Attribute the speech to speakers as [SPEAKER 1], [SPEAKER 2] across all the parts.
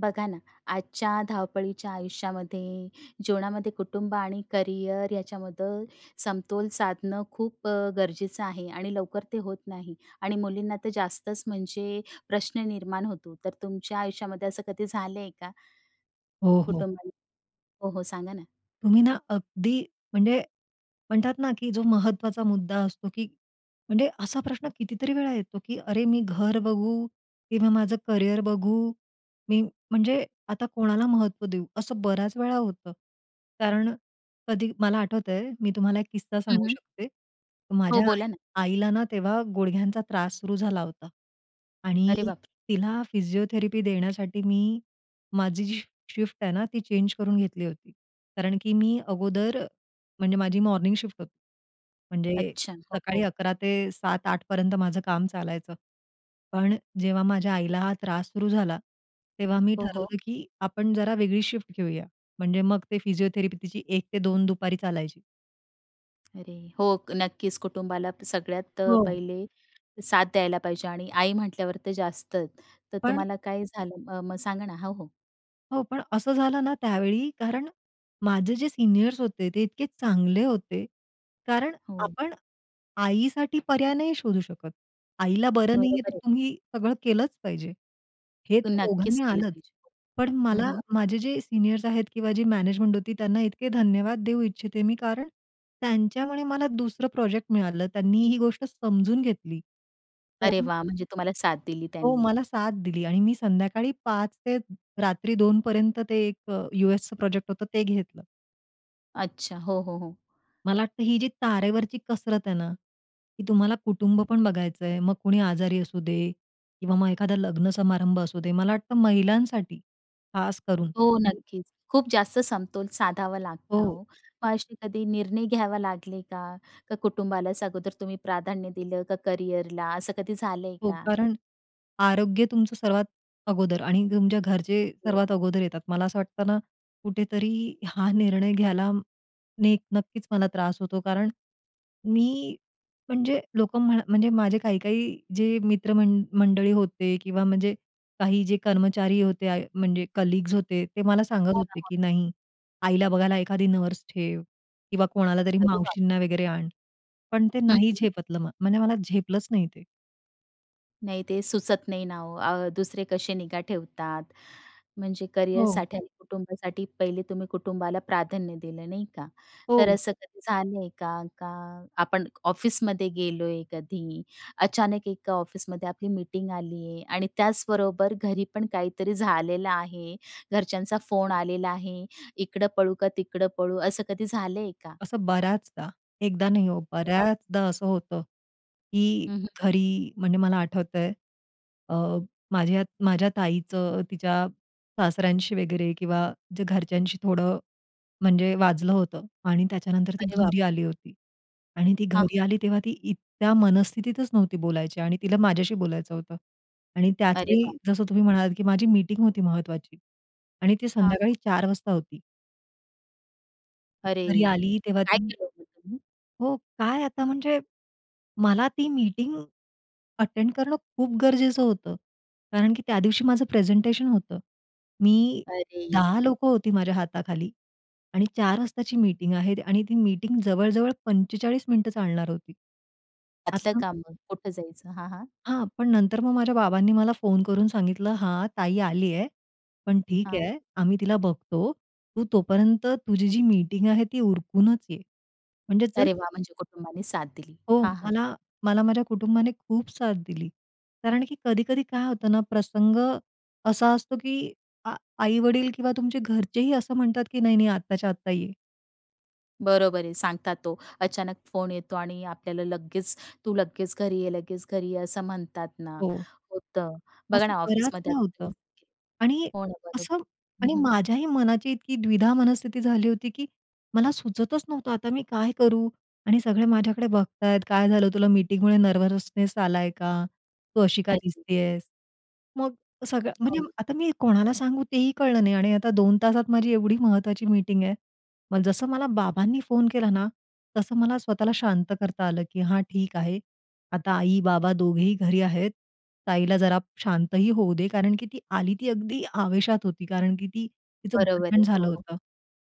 [SPEAKER 1] बघा ना, आजच्या धावपळीच्या आयुष्यामध्ये, जीवनामध्ये, कुटुंब आणि करिअर याच्यामध्ये समतोल साधणं खूप अ, गरजेचं आहे आणि लवकर ते होत नाही आणि मुलींना तर जास्तच, म्हणजे प्रश्न निर्माण होतो. तर तुमच्या आयुष्यामध्ये असं कधी झालंय का?
[SPEAKER 2] हो, हो.
[SPEAKER 1] कुटुंबाला हो, हो, सांगा ना?
[SPEAKER 2] तुम्ही ना, अगदी म्हणजे म्हणतात ना, की जो महत्त्वाचा मुद्दा असतो, की म्हणजे असा प्रश्न कितीतरी वेळा येतो, की "अरे, मी घर बघू की माझं करियर बघू? मी म्हणजे आता कोणाला महत्त्व देऊ?" असं बऱ्याच वेळा होतं. कारण कधी मला आठवतंय, मी तुम्हाला एक किस्सा
[SPEAKER 1] हं,
[SPEAKER 2] सांगू
[SPEAKER 1] हं.
[SPEAKER 2] शकते.
[SPEAKER 1] हो,
[SPEAKER 2] माझ्या आई
[SPEAKER 1] बोला ना?
[SPEAKER 2] आईला ना, तेव्हा गुडघ्यांचा त्रास सुरू झाला होता आणि
[SPEAKER 1] अरे बापरे!
[SPEAKER 2] तिला फिजिओथेरपी देण्यासाठी मी माझी जी शी शिफ्ट आहे ना, ती चेंज करून घेतली होती. कारण की मी अगोदर, म्हणजे माझी मॉर्निंग शिफ्ट होती, म्हणजे
[SPEAKER 1] अच्छा! हो,
[SPEAKER 2] सकाळी
[SPEAKER 1] हो.
[SPEAKER 2] 11 ते 7-8 पर्यंत माझं काम चालायचं. पण जेव्हा माझ्या आईला हा त्रास सुरू झाला, तेव्हा मी
[SPEAKER 1] हो, हो.
[SPEAKER 2] ठरवलं, की आपण जरा वेगळी शिफ्ट घेऊया. म्हणजे मग ते फिजिओथेरपी तिची 1-2 दुपारी चालायची.
[SPEAKER 1] अरे! हो, नक्कीच कुटुंबाला तर सगळ्यात अ,
[SPEAKER 2] हो.
[SPEAKER 1] पहिले साथ द्यायला पाहिजे आणि आई म्हटल्यावर तर जास्तच. तर
[SPEAKER 2] पण
[SPEAKER 1] तुम्हाला काय झालं अ, मग सांग ना? हो, हो.
[SPEAKER 2] हो, पण असं झालं ना त्यावेळी, कारण माझे जे सीनियर्स होते, ते इतके चांगले होते. कारण
[SPEAKER 1] हो.
[SPEAKER 2] आपण आईसाठी पर्याय नाही शोधू शकत. आईला बरं नाही आहे
[SPEAKER 1] बरोबर
[SPEAKER 2] तर
[SPEAKER 1] आहे.
[SPEAKER 2] तुम्ही सगळं केलंच पाहिजे. हे तर
[SPEAKER 1] नक्कीच
[SPEAKER 2] ओघाने
[SPEAKER 1] केलं
[SPEAKER 2] आलंच.
[SPEAKER 1] पाहिजे.
[SPEAKER 2] पण
[SPEAKER 1] हं,
[SPEAKER 2] मला,
[SPEAKER 1] हं.
[SPEAKER 2] माझे जे सीनियर्स आहेत किंवा जी मॅनेजमेंट होती त्यांना इतके धन्यवाद देऊ इच्छिते मी, कारण त्यांच्यामुळे मला दुसरं प्रोजेक्ट मिळालं. त्यांनी ही गोष्ट समजून घेतली.
[SPEAKER 1] अरे
[SPEAKER 2] कारण
[SPEAKER 1] वाह! म्हणजे तुम्हाला साथ दिली
[SPEAKER 2] हो,
[SPEAKER 1] त्यांनी.
[SPEAKER 2] मला साथ दिली, आणि मी संध्याकाळी 5 ते रात्री 2 पर्यंत ते एक अ, यूएसच प्रोजेक्ट होतं ते घेतलं.
[SPEAKER 1] अच्छा. हो, हो, हो.
[SPEAKER 2] मला वाटतं ही जी तारेवरची कसरत आहे ना, की तुम्हाला कुटुंब पण बघायचंय, मग कुणी आजारी असू दे, किंवा मग एखादा लग्न समारंभ असू दे. मला वाटतं महिलांसाठी खास करून
[SPEAKER 1] हो, नक्कीच. खूप जास्त समतोल साधावा लागतो
[SPEAKER 2] हो.
[SPEAKER 1] हो. मग असे कधी निर्णय घ्यावा लागले का? का कुटुंबालाच अगोदर तुम्ही प्राधान्य दिलं, का करियरला, असं कधी झालंय
[SPEAKER 2] हो.
[SPEAKER 1] का?
[SPEAKER 2] कारण आरोग्य तुमचं सर्वात अगोदर आणि तुमच्या घरचे
[SPEAKER 1] हो.
[SPEAKER 2] सर्वात अगोदर येतात. मला असं वाटतं ना, कुठेतरी हा निर्णय घ्यायला नेक नक्कीच मला त्रास होतो. कारण मी म्हणजे लोकं म्हणा म्हणजे माझे काही-काही जे मित्रमंड मंडळी होते किंवा म्हणजे काही जे कर्मचारी होते, म्हणजे आय म्हणजे कलीग्स होते ते मला सांगत
[SPEAKER 1] हो ना,
[SPEAKER 2] होते
[SPEAKER 1] मग?
[SPEAKER 2] की, "नाही, आईला बघायला एखादी नर्स ठेव किंवा कोणाला तरी
[SPEAKER 1] अरे बाप!
[SPEAKER 2] मावशींना वगैरे आण." पण ते
[SPEAKER 1] हं,
[SPEAKER 2] नाही
[SPEAKER 1] हं.
[SPEAKER 2] झेपतलं म्हणजे मला झेपलंच नाही ते.
[SPEAKER 1] नाही, ते सुचत नाही ना, हो, अ, दुसरे कसे निगा ठेवतात, म्हणजे
[SPEAKER 2] हो.
[SPEAKER 1] करिअरसाठी आणि कुटुंबासाठी? पहिले तुम्ही कुटुंबाला प्राधान्य दिलं, नाही का? तर
[SPEAKER 2] हो.
[SPEAKER 1] असं कधी झालं आहे का? का आपण ऑफिसमध्ये गेलो आहे, कधी अचानक एका ऑफिसमध्ये आपली मीटिंग आलीये, आणि त्याचबरोबर घरी पण काहीतरी झालेलं आहे, घरच्यांचा फोन आलेला आहे. इकडं पळू का, तिकडं पळू, असं कधी झालं आहे का?
[SPEAKER 2] असं बऱ्याचदा, एकदा नाही हो,
[SPEAKER 1] अरे बाप.
[SPEAKER 2] बऱ्याचदा असं होतं, की
[SPEAKER 1] हं, हं.
[SPEAKER 2] घरी, म्हणजे मला आठवतंय अ, माझ्या माझ्या ताईचं, तिच्या सासऱ्यांशी वगैरे किंवा जे घरच्यांशी थोडं, म्हणजे वाजलं होतं. आणि त्याच्यानंतर ती
[SPEAKER 1] अरे बाप.
[SPEAKER 2] घरी आली होती. आणि ती
[SPEAKER 1] हां.
[SPEAKER 2] घरी आली तेव्हा, ती इतक्या मनस्थितीतच नव्हती बोलायच्या, आणि तिला माझ्याशी बोलायचं होतं. आणि
[SPEAKER 1] अरे
[SPEAKER 2] त्याचवेळी,
[SPEAKER 1] बाप.
[SPEAKER 2] जसं तुम्ही म्हणालात, की माझी मीटिंग होती महत्त्वाची, आणि ती
[SPEAKER 1] हां.
[SPEAKER 2] संध्याकाळी 4 वाजता होती. घरी
[SPEAKER 1] अरे,
[SPEAKER 2] आली तेव्हा
[SPEAKER 1] काय
[SPEAKER 2] ती
[SPEAKER 1] केलं मग तुम्ही?
[SPEAKER 2] हो, काय, आता म्हणजे मला ती मीटिंग अटेंड करणं खूप गरजेचं होतं, कारण की त्यादिवशी माझं प्रेझेंटेशन होतं. मी
[SPEAKER 1] अरेरे.
[SPEAKER 2] 10 लोकं होती माझ्या हाताखाली, आणि 4 वाजताची मीटिंग आहे, आणि ती मीटिंग जवळ-जवळ 45 मिनिटं चालणार होती.
[SPEAKER 1] आतलं
[SPEAKER 2] आता
[SPEAKER 1] काम मग कुठं जायचं, हां, हां.
[SPEAKER 2] हां, पण नंतर मग माझ्या बाबांनी मला फोन करून सांगितलं, "हां, ताई आली आहे, पण ठीक
[SPEAKER 1] हां.
[SPEAKER 2] आहे, आम्ही तिला बघतो. तू तोपर्यंत तुझी जी मीटिंग आहे, ती उरकूनच ये," म्हणजे जर
[SPEAKER 1] अरे, वा! म्हणजे कुटुंबाने साथ दिली.
[SPEAKER 2] हो,
[SPEAKER 1] हां, हां.
[SPEAKER 2] मला मला माझ्या कुटुंबाने खूप साथ दिली, कारण की कधी-कधी काय होतं ना, प्रसंग असा असतो, की आ आई-वडील किंवा तुमचे घरचेही असं म्हणतात, की नाही-नाही, आत्ताच्या-आत्ता ये.
[SPEAKER 1] बरोबर आहे. सांगतात तो अचानक फोन येतो आणि आपल्याला लगेच तू लगेच घरी ये, लगेच घरी ये असं म्हणतात ना,
[SPEAKER 2] हो.
[SPEAKER 1] होतं. बघा
[SPEAKER 2] असं
[SPEAKER 1] ना, ऑफिसमध्ये
[SPEAKER 2] बऱ्याचदा
[SPEAKER 1] आता
[SPEAKER 2] होतं
[SPEAKER 1] तुम्ही
[SPEAKER 2] आणि
[SPEAKER 1] हो ना बरोबर,
[SPEAKER 2] असं
[SPEAKER 1] हं,
[SPEAKER 2] आणि
[SPEAKER 1] हं.
[SPEAKER 2] माझ्याही मनाची इतकी द्विधा मनस्थिती झाली होती, की मला सुचतचं नव्हतं आता मी काय करू. आणि सगळे माझ्याकडे बघतायत. काय झालं तुला? मीटिंगमुळे नर्वसनेस आलाय का? तू अशी का
[SPEAKER 1] अरे.
[SPEAKER 2] दिसतीयेस? मग सगळं म्हणजे
[SPEAKER 1] हो.
[SPEAKER 2] आता मी कोणाला सांगू तेही कळलं नाही. आणि आता 2 तासात माझी एवढी महत्त्वाची मीटिंग आहे. मग जसं मला बाबांनी फोन केला ना, तसं मला स्वतःला शांत करता आलं. की हां ठीक आहे. आता आई-बाबा दोघेही घरी आहेत. ताईला जरा शांतही होऊ दे, कारण की ती आली ती अगदी आवेशात होती, कारण की ती तिचं
[SPEAKER 1] बरोबर आहे.
[SPEAKER 2] भांडण झालं
[SPEAKER 1] हो, हो.
[SPEAKER 2] होतं.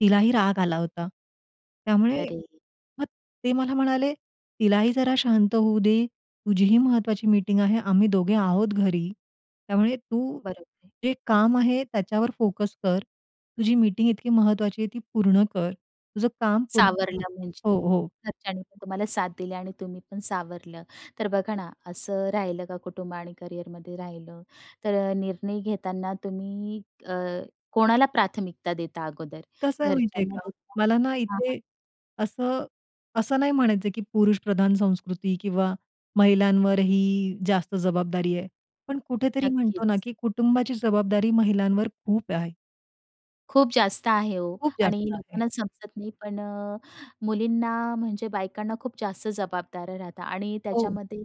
[SPEAKER 2] तिलाही राग आला होता. त्यामुळे
[SPEAKER 1] अरे!
[SPEAKER 2] मग ते मला म्हणाले, तिला ही जरा शांत होऊ दे. तुझीही महत्त्वाची मीटिंग आहे. आम्ही दोघे आहोत घरी. त्यामुळे तू
[SPEAKER 1] बरोबर आहे.
[SPEAKER 2] जे काम आहे त्याच्यावर फोकस कर. तुझी मीटिंग इतकी महत्त्वाची आहे ती पूर्ण कर, तुझं काम पूर्ण
[SPEAKER 1] सावरलं
[SPEAKER 2] हो,
[SPEAKER 1] म्हणजे.
[SPEAKER 2] हो.
[SPEAKER 1] घरच्यांनीपण तुम्हाला साथ दिली आणि तुम्हीपण सावरलं. तर बघा ना, असं राहिलं का कुटुंब आणि करियरमध्ये राहिलं. तर निर्णय घेताना तुम्ही अ, कोणाला प्राथमिकता देता अगोदर?
[SPEAKER 2] कसं आहे माहिती आहे
[SPEAKER 1] घरच्यांना
[SPEAKER 2] का,
[SPEAKER 1] देता
[SPEAKER 2] मला ना
[SPEAKER 1] की कामाला?
[SPEAKER 2] इथे असं, असं नाही म्हणायचं की पुरुष प्रधान संस्कृती किंवा महिलांवरही जास्त जबाबदारी आहे. पण कुठेतरी
[SPEAKER 1] नक्कीच.
[SPEAKER 2] म्हणतो ना की कुटुंबाची जबाबदारी महिलांवर खूप आहे.
[SPEAKER 1] खूप जास्त आहे हो
[SPEAKER 2] खूप
[SPEAKER 1] आणि
[SPEAKER 2] जास्त आहे.
[SPEAKER 1] लोकांना समजत नाही पण अ, मुलींना म्हणजे बायकांना खूप जास्त जबाबदाऱ्या राहतात आणि
[SPEAKER 2] हो.
[SPEAKER 1] त्याच्यामध्ये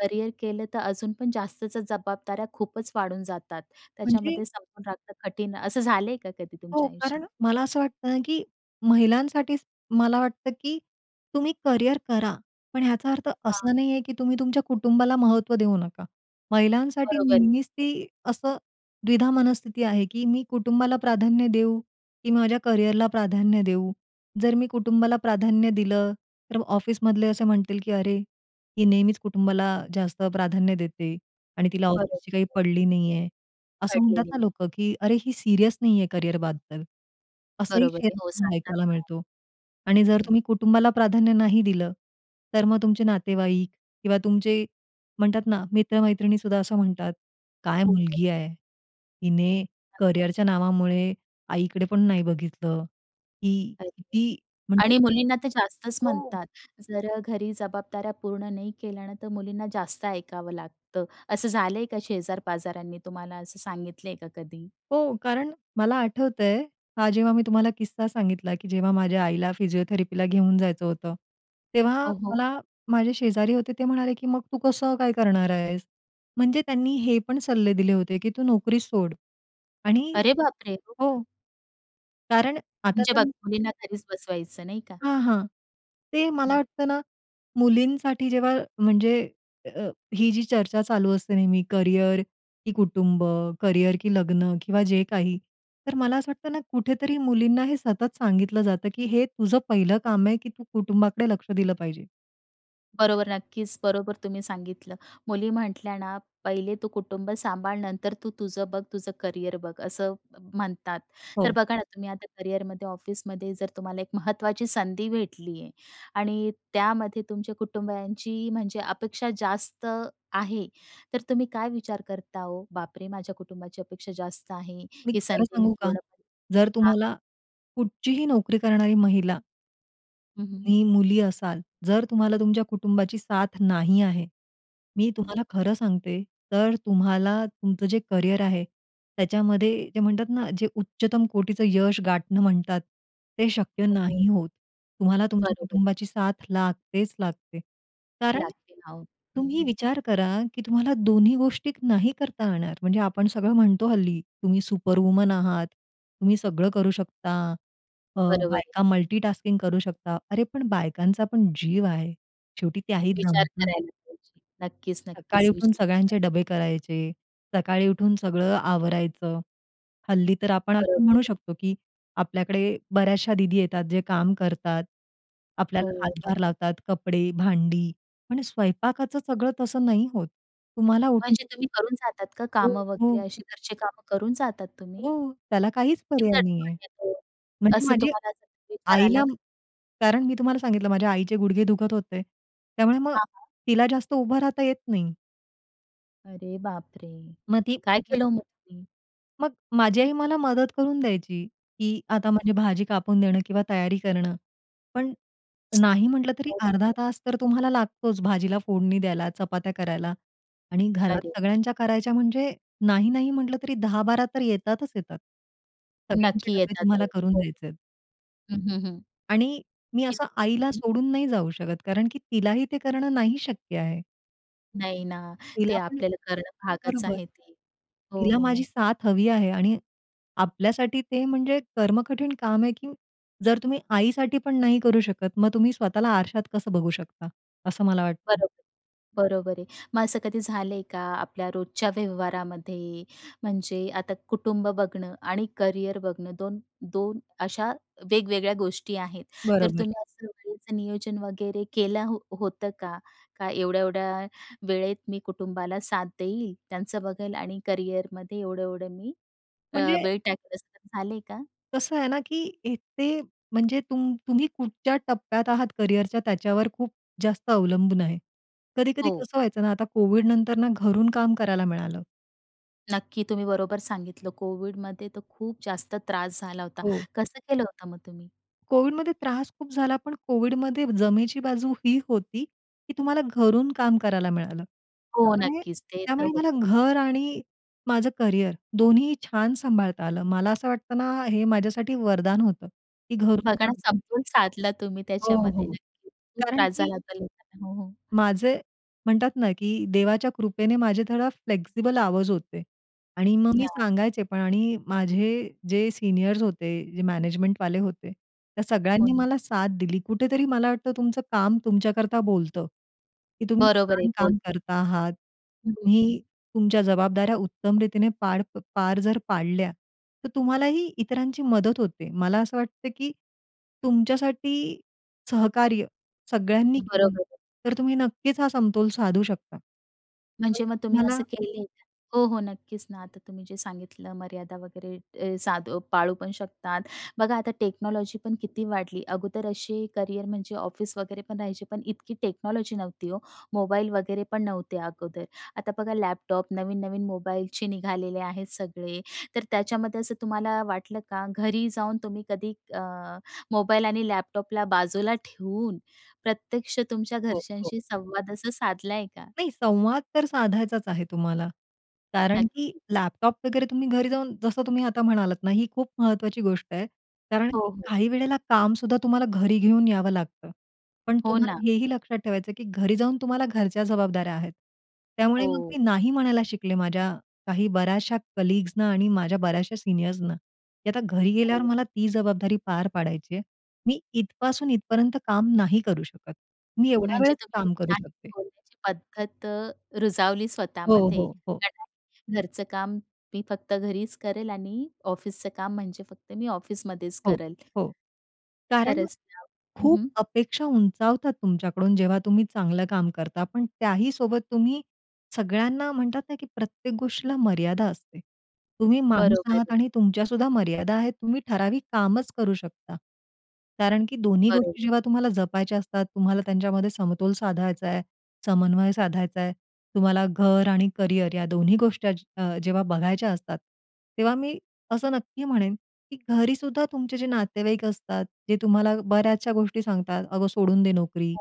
[SPEAKER 1] करिअर केलं तर अजून पण जास्तच जबाबदाऱ्या खूपच वाढून जातात.
[SPEAKER 2] म्हणजे?
[SPEAKER 1] त्याच्यामध्ये समजून राहतं कठीण असं झालंय का कधी
[SPEAKER 2] हो
[SPEAKER 1] तुमच्या आयुष्यात?
[SPEAKER 2] कारण मला असं वाटतं ना की महिलांसाठीच मला वाटतं की तुम्ही करिअर करा. पण ह्याचा अर्थ
[SPEAKER 1] हां.
[SPEAKER 2] असा नाही आहे की तुम्ही तुमच्या कुटुंबाला महत्त्व देऊ नका. महिलांसाठी
[SPEAKER 1] बरोबर आहे.
[SPEAKER 2] नेहमीच ती असं द्विधा मनस्थिती आहे की "मी कुटुंबाला प्राधान्य देऊ की माझ्या करिअरला प्राधान्य देऊ?" जर मी कुटुंबाला प्राधान्य दिलं तर ऑफिसमधले असे म्हणतील की "अरे, ती नेहमीच कुटुंबाला जास्त प्राधान्य देते आणि तिला
[SPEAKER 1] बरोबर.
[SPEAKER 2] ऑफिसची काही पडली नाही आहे." असं
[SPEAKER 1] पडलेली
[SPEAKER 2] म्हणतात ना
[SPEAKER 1] नाही.
[SPEAKER 2] लोकं की "अरे ही सीरियस नाही आहे करियरबद्दल" असंही
[SPEAKER 1] बरोबर आहे. हो
[SPEAKER 2] शेयर
[SPEAKER 1] सांगतात
[SPEAKER 2] ऐकायला
[SPEAKER 1] ना.
[SPEAKER 2] मिळतो आणि जर तुम्ही कुटुंबाला प्राधान्य नाही दिलं, तर मग तुमचे नातेवाईक किंवा तुमचे म्हणतात ना मित्र-मैत्रिणीसुद्धा असं म्हणतात, "काय
[SPEAKER 1] खूपच.
[SPEAKER 2] मुलगी आहे? हिने
[SPEAKER 1] असतात.
[SPEAKER 2] करियरच्या नावामुळे आईकडे पण नाही बघितलं ही
[SPEAKER 1] अच्छा
[SPEAKER 2] किती म्हणजे"
[SPEAKER 1] आणि मुलींना तर जास्तच
[SPEAKER 2] हो.
[SPEAKER 1] म्हणतात जर घरी जबाबदाऱ्या पूर्ण नाही केल्या ना तर मुलींना जास्त ऐकावं लागतं. असं झालंय का शेजार-पाजारांनी तुम्हाला असं सांगितलंय का कधी?
[SPEAKER 2] हो. कारण मला आठवतंय हा जेव्हा मी तुम्हाला किस्सा सांगितला की जेव्हा माझ्या आईला फिजिओथेरपीला घेऊन जायचं होतं. तेव्हा
[SPEAKER 1] हो, हो.
[SPEAKER 2] मला माझे शेजारी होते ते म्हणाले की "मग तू कसं काय करणार आहेस?" म्हणजे त्यांनी हे पण सल्ले दिले होते की "तू नोकरी सोड आणि"
[SPEAKER 1] अरे बाप रे! हो का?
[SPEAKER 2] हो. कारण आता
[SPEAKER 1] म्हणजे बघ,
[SPEAKER 2] तर
[SPEAKER 1] मुलींना घरीच बसवायचं नाही का?
[SPEAKER 2] हां, हां. ते मला
[SPEAKER 1] हं.
[SPEAKER 2] वाटतं ना मुलींसाठी जेव्हा म्हणजे अ, ही जी चर्चा चालू असते नेहमी करियर की कुटुंब, करिअर की लग्न किंवा जे काही. तर मला असं वाटतं ना कुठेतरी मुलींना हे सतत सांगितलं जातं की हे तुझं पहिलं काम आहे की "तू कुटुंबाकडे लक्ष दिलं पाहिजे." [unintelligible]
[SPEAKER 1] बरोबर नक्कीच बरोबर तुम्ही सांगितलं. मुली म्हटल्या ना "पहिले तू कुटुंब सांभाळ नंतर तू तुझं बघ तुझं करियर बघ" असं म्ह म्हणतात. तर
[SPEAKER 2] हो.
[SPEAKER 1] बघा ना तुम्ही आता करिअरमध्ये ऑफिसमध्ये जर तुम्हाला एक महत्त्वाची संधी भेटली आहे आणि त्यामध्ये तुमच्या कुटुंबांची म्हणजे अपेक्षा जास्त आहे, तर तुम्ही काय विचार करता ओ? बापरे! माझ्या कुटुंबाची अपेक्षा जास्त आहे
[SPEAKER 2] मी
[SPEAKER 1] ही
[SPEAKER 2] खरं
[SPEAKER 1] संधी मी
[SPEAKER 2] सांगू का?
[SPEAKER 1] पूर्णपणे
[SPEAKER 2] जर
[SPEAKER 1] हां, हां.
[SPEAKER 2] तुम्हाला कुठचीही नोकरी करणारी महिला
[SPEAKER 1] हं, हं.
[SPEAKER 2] तुम्ही मुली असाल, जर तुम्हाला तुमच्या कुटुंबाची साथ नाही आहे, मी
[SPEAKER 1] हं.
[SPEAKER 2] तुम्हाला खरं सांगते, तर तुम्हाला तुमचं जे करियर आहे, त्याच्यामध्ये ते म्हणतात ना, जे उच्चतम कोटीचं यश गाठणं म्हणतात, ते शक्य
[SPEAKER 1] हो.
[SPEAKER 2] नाही होत. तुम्हाला तुमच्या
[SPEAKER 1] बरोबर आहे.
[SPEAKER 2] कुटुंबाची साथ लागतेच लागते. कारण,
[SPEAKER 1] लागतील आहो. हं,
[SPEAKER 2] तुम्ही
[SPEAKER 1] हं.
[SPEAKER 2] विचार करा, की तुम्हाला दोन्ही गोष्टी नाही करता येणार. म्हणजे आपण सगळं म्हणतो हल्ली, तुम्ही सुपरवुमन आहात, तुम्ही सगळं करू शकता, अ,
[SPEAKER 1] बरोबर आहे.
[SPEAKER 2] बायका मल्टीटास्किंग करू शकता. अरे, पण बायकांचा पण जीव आहे. शेवटी त्याही
[SPEAKER 1] विचार
[SPEAKER 2] दमतात.
[SPEAKER 1] करायला पाहिजे. नक्कीच,
[SPEAKER 2] सकाळी
[SPEAKER 1] नक्कीच.
[SPEAKER 2] उठून
[SPEAKER 1] विचार
[SPEAKER 2] सगळ्यांचे डबे करायचे, सकाळी उठून सगळं आवरायचं. हल्ली तर आपण असं
[SPEAKER 1] बरोबर
[SPEAKER 2] म्हणू
[SPEAKER 1] आहे.
[SPEAKER 2] शकतो, की आपल्याकडे बऱ्याचशा दीदी येतात, जे काम करतात,
[SPEAKER 1] हो.
[SPEAKER 2] आपल्याला
[SPEAKER 1] [unintelligible]
[SPEAKER 2] हातभार लावतात. कपडे, भांडी आणि स्वयंपाकाचं सगळं तसं नाही होत. तुम्हाला
[SPEAKER 1] म्हणजे
[SPEAKER 2] उठून
[SPEAKER 1] तुम्ही करून जातात का
[SPEAKER 2] हो,
[SPEAKER 1] कामं वगैरे,
[SPEAKER 2] हं.
[SPEAKER 1] अशी घरची कामं करून जातात तुम्ही?
[SPEAKER 2] हो. त्याला काहीच पर्याय
[SPEAKER 1] [unintelligible]
[SPEAKER 2] नाही आहे.
[SPEAKER 1] म्हणजे तो
[SPEAKER 2] म्हणजे
[SPEAKER 1] असं,
[SPEAKER 2] माझ्या
[SPEAKER 1] तुम्हाला जर विचार आला
[SPEAKER 2] आईला
[SPEAKER 1] का?
[SPEAKER 2] कारण मी तुम्हाला सांगितलं, माझ्या आईचे गुडघे दुखत होते. त्यामुळे मग
[SPEAKER 1] हां, हां.
[SPEAKER 2] तिला जास्त उभं राहता येत नाही.
[SPEAKER 1] अरे बापरे!
[SPEAKER 2] मग ती
[SPEAKER 1] काय
[SPEAKER 2] मग अ
[SPEAKER 1] केलं हो मग तुम्ही?
[SPEAKER 2] मग माझी आई मला मदत करून द्यायची की आता माझी भाजी कापून देणं किंवा तयारी करणं. पण नाही म्हटलं तरी
[SPEAKER 1] हो, हो,
[SPEAKER 2] अर्धा
[SPEAKER 1] हो.
[SPEAKER 2] तास तर तुम्हाला लागतोच भाजीला फोडणी द्यायला, चपात्या करायला आणि घरात
[SPEAKER 1] अरे!
[SPEAKER 2] सगळ्यांच्या करायच्या म्हणजे, नाही नाही म्हटलं, तरी 10-12 तर येतातच येतात. सगळ्यांचे
[SPEAKER 1] नक्की
[SPEAKER 2] डब्बे
[SPEAKER 1] येतात
[SPEAKER 2] तुम्हाला
[SPEAKER 1] आहे.
[SPEAKER 2] करून
[SPEAKER 1] हो.
[SPEAKER 2] द्यायचे आहेत.
[SPEAKER 1] हं, हं. हं.
[SPEAKER 2] आणि मी असं आईला
[SPEAKER 1] हं.
[SPEAKER 2] सोडून नाही जाऊ शकत. कारण की तिलाही ते करणं नाही शक्य आहे.
[SPEAKER 1] नाही ना, ते
[SPEAKER 2] तिला पण
[SPEAKER 1] आपल्याला करणं भागच
[SPEAKER 2] बरोबर.
[SPEAKER 1] आहे ते. हो.
[SPEAKER 2] तिला
[SPEAKER 1] हो
[SPEAKER 2] माझी
[SPEAKER 1] ना.
[SPEAKER 2] साथ हवी आहे आणि आपल्यासाठी ते म्हणजे कर्म-कठीण काम आहे की जर तुम्ही आईसाठी पण नाही करू शकत, मग तुम्ही स्वतःला आरशात कसं बघू शकता? असं मला वाटतं.
[SPEAKER 1] बरोबर, बरोबर आहे. मग असं कधी झालंय का आपल्या रोजच्या व्यवहारामध्ये म्हणजे आता कुटुंब बघणं आणि करियर बघणं दोन दोन अशा वेगवेगळ्या गोष्टी आहेत. तर
[SPEAKER 2] बरोबर.
[SPEAKER 1] तुम्ही असं वेळेचं नियोजन वगैरे केलं हो होतं का? का एवढ्या-एवढ्या वेळेत मी कुटुंबाला साथ देईल, त्यांचं बघेल आणि करिअरमध्ये एवढं, एवढं मी अ,
[SPEAKER 2] म्हणजे
[SPEAKER 1] वेळ टाकते असं झाले का?
[SPEAKER 2] कसं आहे ना की इथे, म्हणजे तुम तुम्ही कुठच्या टप्प्यात आहात करियरच्या त्याच्यावर खूप जास्त अवलंबून आहे. कधी-कधी
[SPEAKER 1] हो.
[SPEAKER 2] कसं व्हायचं ना, आता कोविड नंतर ना घरून काम करायला मिळालं.
[SPEAKER 1] नक्की, तुम्ही बरोबर सांगितलं. कोविडमध्ये तर खूप जास्त त्रास झाला होता.
[SPEAKER 2] हो.
[SPEAKER 1] कसं केलं होतं मग तुम्ही?
[SPEAKER 2] कोविडमध्ये त्रास खूप झाला, पण कोविडमध्ये जमेची बाजू ही होती, की तुम्हाला घरून काम करायला मिळालं.
[SPEAKER 1] हो,
[SPEAKER 2] त्यामुळे
[SPEAKER 1] नक्कीच. ते तर
[SPEAKER 2] त्यामुळे मला
[SPEAKER 1] होतं.
[SPEAKER 2] घर आणि माझं करियर दोन्ही छान सांभाळता आलं. मला असं वाटतं ना, हे माझ्यासाठी वरदान होतं, की घरून
[SPEAKER 1] बघा ना,
[SPEAKER 2] काम करणं.
[SPEAKER 1] समतोल साधला तुम्ही
[SPEAKER 2] हो,
[SPEAKER 1] त्याच्यामध्ये.
[SPEAKER 2] हो.
[SPEAKER 1] नक्कीच खूप
[SPEAKER 2] कारण
[SPEAKER 1] त्रास
[SPEAKER 2] की
[SPEAKER 1] झाला होता लोकांना. हो, हो.
[SPEAKER 2] माझे म्हणतात ना, की देवाच्या कृपेने माझे थोडा फ्लेक्सिबल आवर्स होते आणि मग मी
[SPEAKER 1] या.
[SPEAKER 2] सांगायचे पण. आणि माझे जे सीनियर्स होते, जे मॅनेजमेंटवाले होते, त्या
[SPEAKER 1] हो
[SPEAKER 2] सगळ्यांनी
[SPEAKER 1] ना.
[SPEAKER 2] मला साथ दिली. कुठेतरी मला वाटतं, तुमचं काम तुमच्याकरता बोलतं, की तुम्ही
[SPEAKER 1] बरोबर आहे,
[SPEAKER 2] छान काम
[SPEAKER 1] बोलतात.
[SPEAKER 2] करता आहात.
[SPEAKER 1] हं, हं, हं.
[SPEAKER 2] तुम्ही तुमच्या जबाबदाऱ्या उत्तमरीतीने पार पार जर पाडल्या, तर तुम्हालाही इतरांची मदत होते. मला असं वाटतं, की तुमच्यासाठी सहकार्य सगळ्यांनी केलं,
[SPEAKER 1] बरोबर आहे.
[SPEAKER 2] तर तुम्ही नक्कीच हा समतोल साधू शकता. पण
[SPEAKER 1] म्हणजे, मग तुम्ही
[SPEAKER 2] तुम्हाला
[SPEAKER 1] असं केलंय का? हो, हो, नक्कीच ना. आता तुम्ही जे सांगितलं मर्यादा वगैरे, अ, साधू पाळू पण शकतात. बघा आता टेक्नॉलॉजीपण किती वाढली. अगोदर असे करियर म्हणजे ऑफिस वगैरे पण राहायचे, पण इतकी टेक्नॉलॉजी नव्हती हो. मोबाईल वगैरे पण नव्हते अगोदर. आता बघा लॅपटॉप, नवीन-नवीन मोबाईलचे निघालेले आहेत सगळे, तर त्याच्यामध्ये असं तुम्हाला वाटलं का, घरी जाऊन तुम्ही कधी, अ, मोबाईल आणि लॅपटॉपला बाजूला ठेवून प्रत्यक्ष तुमच्या
[SPEAKER 2] हो, हो.
[SPEAKER 1] घरच्यांशी संवाद असा साधला आहे का?
[SPEAKER 2] नाही, संवाद तर साधायचाच आहे तुम्हाला कारण, की
[SPEAKER 1] नक्कीच.
[SPEAKER 2] लॅपटॉप वगैरे तुम्ही घरी जाऊन जसं तुम्ही आता म्हणालात ना, ही खूप महत्त्वाची गोष्ट आहे. कारण
[SPEAKER 1] हो,
[SPEAKER 2] की
[SPEAKER 1] हो.
[SPEAKER 2] काही वेळेला कामसुद्धा तुम्हाला घरी घेऊन यावं लागतं. पण
[SPEAKER 1] हो
[SPEAKER 2] तुम्हाला
[SPEAKER 1] ना.
[SPEAKER 2] हेही लक्षात ठेवायचं आहे, की घरी जाऊन तुम्हाला घरच्या जबाबदाऱ्या आहेत. त्यामुळे मग
[SPEAKER 1] हो.
[SPEAKER 2] मी नाही म्हणायला शिकले माझ्या काही बऱ्याचशा कलीग्स ना आणि माझ्या बऱ्याचशा सीनियर्सना, की आता घरी गेल्यावर मला ती जबाबदारी पार पाडायची आहे. मी इथपासून इथपर्यंत काम नाही करू शकत. मी एवढ्या
[SPEAKER 1] म्हणजे
[SPEAKER 2] वेळेत
[SPEAKER 1] तुम्ही
[SPEAKER 2] काम करू
[SPEAKER 1] छान
[SPEAKER 2] शकते.
[SPEAKER 1] बोलण्याची पद्धत अ, रुजवली
[SPEAKER 2] हो,
[SPEAKER 1] स्वतःमध्ये.
[SPEAKER 2] हो, हो.
[SPEAKER 1] [unintelligible] घरचं काम मी फक्त घरीच करेल आणि ऑफिसचं काम म्हणजे फक्त मी ऑफिसमध्येच
[SPEAKER 2] हो,
[SPEAKER 1] करेल.
[SPEAKER 2] हो. कारण
[SPEAKER 1] खरंच [unintelligible] हं,
[SPEAKER 2] खूप
[SPEAKER 1] हं.
[SPEAKER 2] अपेक्षा उंचावतात तुमच्याकडून, जेव्हा तुम्ही चांगलं काम करता. पण त्याहीसोबत तुम्ही सगळ्यांना म्हणतात ना, की प्रत्येक गोष्टीला मर्यादा असते. तुम्ही माणूस
[SPEAKER 1] बरोबर आहे.
[SPEAKER 2] आहात आणि तुमच्यासुद्धा मर्यादा आहेत. तुम्ही ठराविक कामच करू शकता. कारण की दोन्ही
[SPEAKER 1] बरोबर.
[SPEAKER 2] गोष्टी जेव्हा तुम्हाला जपायच्या असतात, तुम्हाला त्यांच्यामध्ये समतोल साधायचा आहे, समन्वय साधायचा आहे, तुम्हाला घर आणि करियर या दोन्ही गोष्टी अचि अ, जेव्हा बघायच्या असतात, तेव्हा मी असं नक्की म्हणेन, की घरीसुद्धा तुमचे जे नातेवाईक असतात, जे तुम्हाला बऱ्याचशा गोष्टी सांगतात, "अगं सोडून दे नोकरी,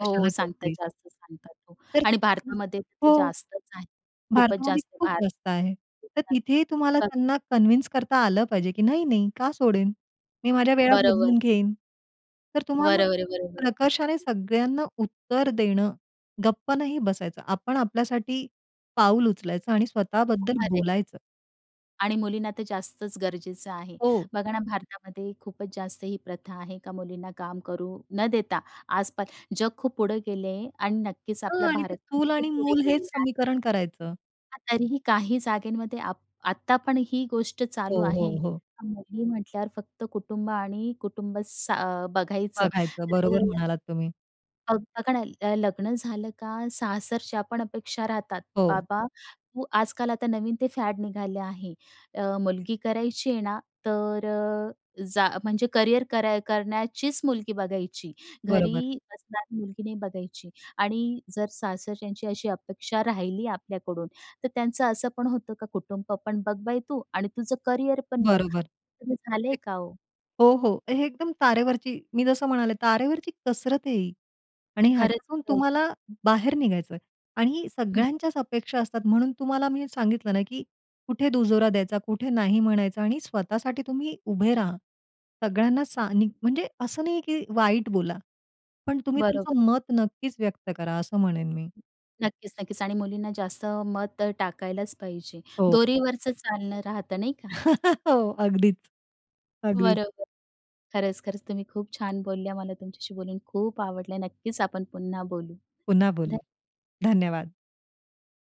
[SPEAKER 1] हो
[SPEAKER 2] कशाला
[SPEAKER 1] सांगतात
[SPEAKER 2] करतेस?"
[SPEAKER 1] जास्त सांगतात हो
[SPEAKER 2] तर
[SPEAKER 1] आणि
[SPEAKER 2] हं
[SPEAKER 1] भारतामध्ये तर ते
[SPEAKER 2] हो.
[SPEAKER 1] जास्तच आहे खूपच
[SPEAKER 2] भारतामध्ये
[SPEAKER 1] जास्त.
[SPEAKER 2] खूप
[SPEAKER 1] भारत
[SPEAKER 2] जास्त आहे. तर
[SPEAKER 1] देशात.
[SPEAKER 2] तिथेही तुम्हाला
[SPEAKER 1] बरं.
[SPEAKER 2] त्यांना कन्विन्स करता आलं पाहिजे, की नाही-नाही का सोडेन? मी माझ्या वेळा
[SPEAKER 1] बरोबर.
[SPEAKER 2] बदलून घेईन. तर तुम्हाला
[SPEAKER 1] बरोबर आहे, बरोबर आहे.
[SPEAKER 2] प्रकर्षाने सगळ्यांना उत्तर देणं, गप्प नाही बसायचं. आपण आपल्यासाठी पाऊल उचलायचं आणि
[SPEAKER 1] [unintelligible]
[SPEAKER 2] स्वतःबद्दल
[SPEAKER 1] अरे!
[SPEAKER 2] बोलायचं.
[SPEAKER 1] आणि मुलींना तर जास्तच गरजेचं आहे.
[SPEAKER 2] हो.
[SPEAKER 1] बघा ना, भारतामध्ये खूपच जास्त ही प्रथा आहे, का मुलींना काम करू न देता, आस-पास जग खूप पुढे गेले आहे आणि नक्कीचं
[SPEAKER 2] हां
[SPEAKER 1] आपला
[SPEAKER 2] आणि ते
[SPEAKER 1] भारत पण
[SPEAKER 2] चूल
[SPEAKER 1] खूप
[SPEAKER 2] आणि
[SPEAKER 1] पुढे
[SPEAKER 2] मूलं हेच
[SPEAKER 1] गेलेला आहे.
[SPEAKER 2] समीकरण करायचं.
[SPEAKER 1] तरीही काही जागेंमध्ये आप आत्ता पण ही गोष्ट
[SPEAKER 2] हो,
[SPEAKER 1] चालू आहे,
[SPEAKER 2] हो, हो.
[SPEAKER 1] का मुली म्हटल्यावर फक्त कुटुंब आणि कुटुंब सा अ, बघायचं
[SPEAKER 2] बघायचं. बरोबर
[SPEAKER 1] तर
[SPEAKER 2] म्हणालात तुम्ही.
[SPEAKER 1] मग बघा ना ल लग्न झालं का, सासरच्या पण अपेक्षा राहतात.
[SPEAKER 2] हो.
[SPEAKER 1] बाबा तू आजकाल आता नवीन ते फॅड निघाले आहे. अ, मुलगी करायची आहे ना, तर जा म्हणजे करियर कराय करण्याचीच मुलगी बघायची.
[SPEAKER 2] बरोबर.
[SPEAKER 1] घरी असणारी मुलगी नाही बघायची आणि जर सासरच्यांची अशी अपेक्षा राहिली आपल्याकडून, तर त्यांचं असं पण होतं का कुटुंब पण बघ बाई तू आणि तुझं करिअर पण बघ,
[SPEAKER 2] बरोबर.
[SPEAKER 1] तर असं झालंय का ओ?
[SPEAKER 2] हो, हो, हे एकदम तारेवरची मी जसं म्हणाले तारेवरची कसरत आहे ही. आणि
[SPEAKER 1] खरंच,
[SPEAKER 2] ह्याच्यातून
[SPEAKER 1] खरंच.
[SPEAKER 2] तुम्हाला बाहेर निघायचं आहे आणि
[SPEAKER 1] हं.
[SPEAKER 2] सगळ्यांच्याच अपेक्षा असतात म्हणून तुम्हाला मी सांगितलं ना, की कुठे दुजोरा द्यायचा, कुठे नाही म्हणायचं आणि स्वतःसाठी तुम्ही उभे राहा. सगळ्यांना सा नी म्हणजे असं नाहीये की वाईट बोला, पण तुम्ही
[SPEAKER 1] बरोबर.
[SPEAKER 2] तुमचं मत नक्कीच व्यक्त करा, असं म्हणेन मी.
[SPEAKER 1] नक्कीच, नक्कीच आणि मुलींना जास्त मत टाकायलाच पाहिजे,
[SPEAKER 2] हो, हो.
[SPEAKER 1] दोरीवरचं चालणं राहतं नाही का?
[SPEAKER 2] हो, अगदीच, अगदीच.
[SPEAKER 1] बरोबर. खरंच, खरंच तुम्ही खूप छान बोलल्या. मला तुमच्याशी बोलून खूप आवडलं. नक्कीच आपण पुन्हा बोलू,
[SPEAKER 2] पुन्हा बोलू,
[SPEAKER 1] ध
[SPEAKER 2] धन्यवाद!